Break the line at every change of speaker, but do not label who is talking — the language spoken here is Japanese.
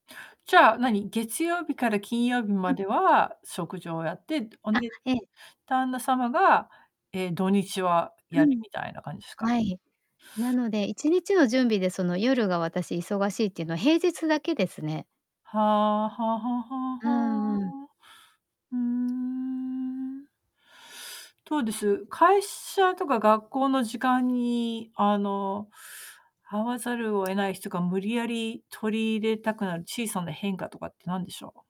じゃあ何、月曜日から金曜日
う
ま
ん。
では食事をやって、おん
あ、
で、
ええ。
旦那様が、ええ、土日は
う
やる
ん。
みたいな感じすか？
はい。なので一日の準備でその、夜が私忙しいっていうのは平日だけですね。
はあはあはあは
うんうん。
あはあ。ふーん。どうです、会社とか学校の時間にあの、会わざるを得ない日とか、無理やり取り入れたくなる小さな変化とかって何でしょう？